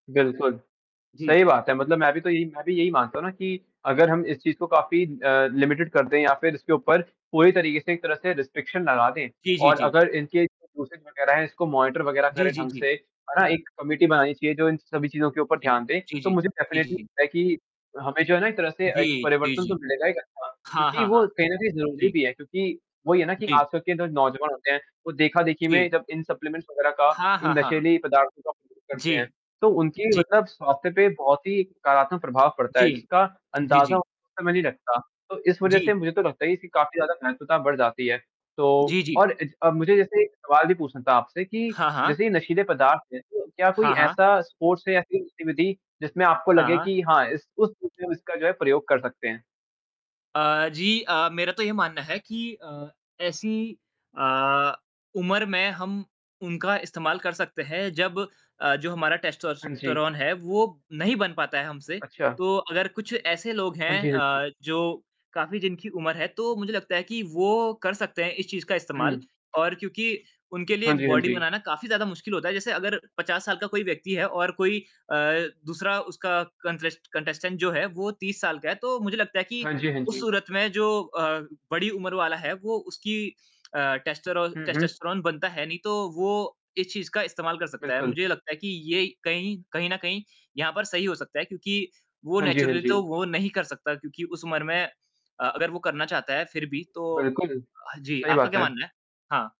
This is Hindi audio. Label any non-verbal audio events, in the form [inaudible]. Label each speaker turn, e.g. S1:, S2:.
S1: बिल्कुल।
S2: ज हुँ।
S1: सही बात है मतलब मैं भी तो यही मैं भी यही मानता हूँ ना कि अगर हम इस चीज़ को काफ़ी अ, लिमिटेड कर दें या फिर इसके ऊपर पूरी तरीके से एक तरह से रिस्ट्रिक्शन लगा दें
S2: जी, जी,
S1: और
S2: जी।
S1: अगर इनके जो दूसरे जो [unintelligible] इसको मॉनिटर वगैरह
S2: जी,
S1: करें
S2: जी,
S1: ढंग
S2: जी।
S1: से है ना एक कमिटी बनानी चाहिए जो इन सभी चीज़ों के ऊपर
S2: जी।
S1: ध्यान दे
S2: जी,
S1: तो
S2: जी।
S1: मुझे
S2: जी,
S1: डेफिनिटली
S2: जी।
S1: लगता है कि हमें जो है ना एक तरह से एक
S2: जी, जी,
S1: परिवर्तन तो
S2: जी।
S1: मिलेगा ही [unintelligible]
S2: हाँ,
S1: क्योंकि
S2: हाँ, हाँ।
S1: वो कहीं न कहीं ज़रूरी
S2: जी।
S1: भी है। क्योंकि वही है ना कि
S2: जी।
S1: आजकल के जो नौजवान होते हैं, वो देखा-देखी में
S2: जी।
S1: जब इन सप्लीमेंट्स वगैरह का
S2: हाँ,
S1: जो
S2: हाँ, हाँ।
S1: नशीली पदार्थों का उपयोग करते
S2: जी।
S1: हैं तो उनकी
S2: जी।
S1: मतलब स्वास्थ्य पे बहुत ही नकारात्मक प्रभाव पड़ता है
S2: जी।
S1: जिसका
S2: जी,
S1: अंदाज़ा
S2: जी।
S1: उस समय नहीं लगता। तो इस वज़ह
S2: जी।
S1: से मुझे तो लगता है कि काफ़ी ज़्यादा महत्वता बढ़ जाती है। तो
S2: जी, जी।
S1: और अज अ, मुझे जैसे एक सवाल भी पूछना था आपसे कि
S2: हाँ, हाँ।
S1: जैसे ये नशीले पदार्थ हैं तो क्या कोई
S2: हाँ, हाँ।
S1: ऐसा स्पोर्ट्स है या कोई गतिविधि जिसमें आपको
S2: हाँ,
S1: लगे
S2: हाँ।
S1: कि हाँ, इस उस [unintelligible] इसका जो है प्रयोग कर सकते हैं?
S2: अ, जी, अ, मेरा तो ये मानना है कि अ, ऐसी अ, उम्र में हम उनका इस्तेमाल कर सकते हैं जब अ, जो हमारा
S1: हाँ जी।
S2: टेस्टोस्टेरोन है वो नहीं बन पाता है हमसे।
S1: अच्छा।
S2: तो अगर कुछ ऐसे लोग
S1: हाँ
S2: हैं
S1: जी, हाँ जी।
S2: अ, जो काफ़ी जिनकी उम्र है तो मुझे लगता है कि वो कर सकते हैं इस चीज़ का इस्तेमाल।
S1: हुँ।
S2: और क्योंकि उनके लिए
S1: हाँ जी, हाँ
S2: बॉडी
S1: जी।
S2: बनाना काफ़ी ज़्यादा मुश्किल होता है। जैसे अगर 50 साल का कोई व्यक्ति है और कोई अ, दूसरा उसका कंट्रेस्ट कंटेस्टेंट जो है वो 30 साल का है तो मुझे लगता है कि
S1: हाँ जी, हाँ
S2: उस
S1: जी।
S2: सूरत में जो अ, बड़ी उम्र वाला है वो उसकी अ, टेस्टरोल
S1: हुँ, हुँ।
S2: टेस्टोस्टेरोन बनता है नहीं तो वो इस चीज़ का इस्तेमाल कर सकता है।
S1: बिल्कुल।
S2: मुझे ये लगता है कि ये कहीं कहीं न कहीं यहाँ पर सही हो सकता है क्योंकि वो
S1: हाँ जी, हाँ
S2: नेचुरली
S1: जी।
S2: तो वो नहीं कर सकता। क्योंकि उस उम्र में अ, अगर वो करना चाहता है फिर भी तो
S1: बिल्कुल।
S2: अ, जी।
S1: सही
S2: आपका
S1: बात
S2: क्या
S1: है।
S2: मानना है? हाँ।